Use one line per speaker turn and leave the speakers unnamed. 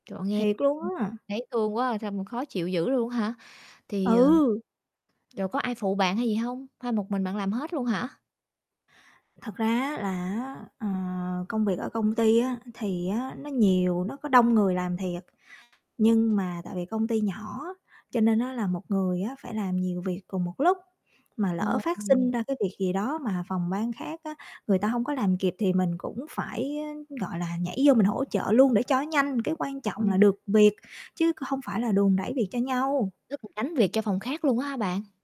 Trời ơi, nghe,
Thiệt
ưm,
luôn á.
thấy thương quá, sao mà khó chịu dữ luôn hả? Thì, ờ
Ừ.
rồi có ai phụ bạn hay gì hông? Hay một mình bạn làm hết luôn hả?
Thật ra á, là á, ờ, công việc ở công ty á, thì á, nó nhiều, nó có đông người làm thiệt. Nhưng mà tại vì công ty nhỏ, cho nên á, là một người á, phải làm nhiều việc cùng một lúc mà lỡ
Ồ.
phát sinh
[unintelligible]
ra cái việc gì đó mà phòng ban khác á, người ta hông có làm kịp thì mình cũng phải á, gọi là, nhảy vô mình hỗ trợ luôn để cho nhanh, cái quan trọng là
Ơi.
được việc chứ hông phải là đùn đẩy việc cho nhau.
Rốt cuộc gánh việc cho phòng khác luôn á hả bạn?